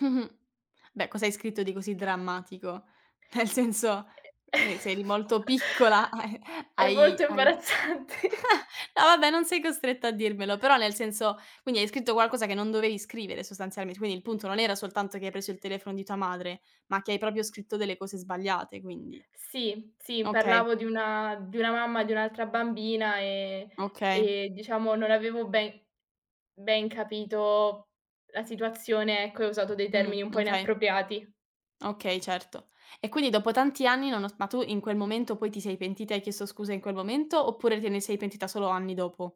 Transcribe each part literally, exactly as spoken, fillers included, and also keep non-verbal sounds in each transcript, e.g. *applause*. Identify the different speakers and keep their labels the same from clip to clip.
Speaker 1: Mh-mh. Beh, cosa hai scritto di così drammatico? Nel senso,
Speaker 2: E
Speaker 1: eh, se eri molto piccola,
Speaker 2: *chuckles*
Speaker 1: hai
Speaker 2: è
Speaker 1: hai
Speaker 2: molto
Speaker 1: hai
Speaker 2: imbarazzante.
Speaker 1: ah, no vabbè, non sei costretta a dirmelo, però nel senso quindi hai scritto qualcosa che non dovevi scrivere sostanzialment quindi il punto non era soltanto che hai preso il telefono di tua madre, ma che hai proprio scritto delle cose sbagliate, quindi?
Speaker 2: Sì, sì,
Speaker 1: Okay.
Speaker 2: parlavo di una di una mamma di un'altra bambina, ehm,
Speaker 1: Okay.
Speaker 2: e diciamo non avevo ben ben capito la situazione, ecco, e ho usato dei
Speaker 1: Mh,
Speaker 2: termini un po'
Speaker 1: mh kay.
Speaker 2: inappropriati.
Speaker 1: Okay, certo. E quindi dopo tanti anni, nonos ma tu in quel momento poi ti sei pentita e hai chiesto scusa in quel momento oppure te ne sei pentita solo anni dopo?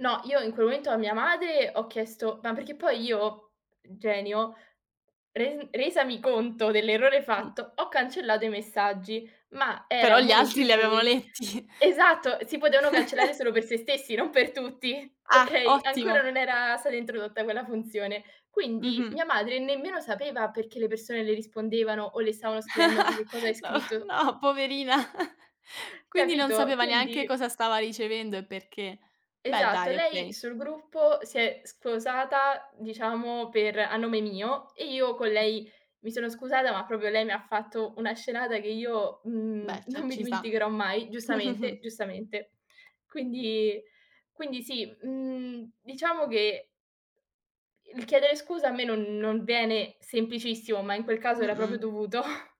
Speaker 2: No, io in quel momento a mia madre ho chiesto ma perché poi io, genio, res resami conto dell'errore
Speaker 1: Mh.
Speaker 2: fatto, ho cancellato i messaggi, ma era
Speaker 1: Però
Speaker 2: un
Speaker 1: gli
Speaker 2: momento
Speaker 1: altri li
Speaker 2: in
Speaker 1: avevano
Speaker 2: cui
Speaker 1: letti.
Speaker 2: esatto, si potevano cancellare
Speaker 1: *laughs*
Speaker 2: solo per se stessi, non per tutti,
Speaker 1: Ah,
Speaker 2: okay, ancora
Speaker 1: ottimo.
Speaker 2: non era stata introdotta quella funzione. Quindi
Speaker 1: Mh-mh.
Speaker 2: mia madre nemmeno sapeva perché le persone le rispondevano o le stavano scrivendo: "Ma
Speaker 1: *laughs*
Speaker 2: che cosa hai
Speaker 1: No,
Speaker 2: scritto?"
Speaker 1: no, poverina. *scoffs* Quindi non
Speaker 2: Capito,
Speaker 1: sapeva neanche
Speaker 2: quindi
Speaker 1: cosa stava ricevendo e perché. Beh,
Speaker 2: Esatto,
Speaker 1: dai,
Speaker 2: lei
Speaker 1: okay.
Speaker 2: sul gruppo si è squosata, diciamo, per a nome mio e io con lei mi sono scusata, ma proprio lei mi ha fatto una scenata che io,
Speaker 1: Beh,
Speaker 2: mhmm,
Speaker 1: c'è
Speaker 2: non mi
Speaker 1: ci sta.
Speaker 2: dimenticherò mai,
Speaker 1: Mh, mh,
Speaker 2: giustamente,
Speaker 1: mh.
Speaker 2: giustamente. Quindi quindi sì, mhmm, diciamo che il chiedere scusa a me non non viene semplicissimo, ma in quel caso era proprio
Speaker 1: Mh-mh.
Speaker 2: dovuto. *chuckles*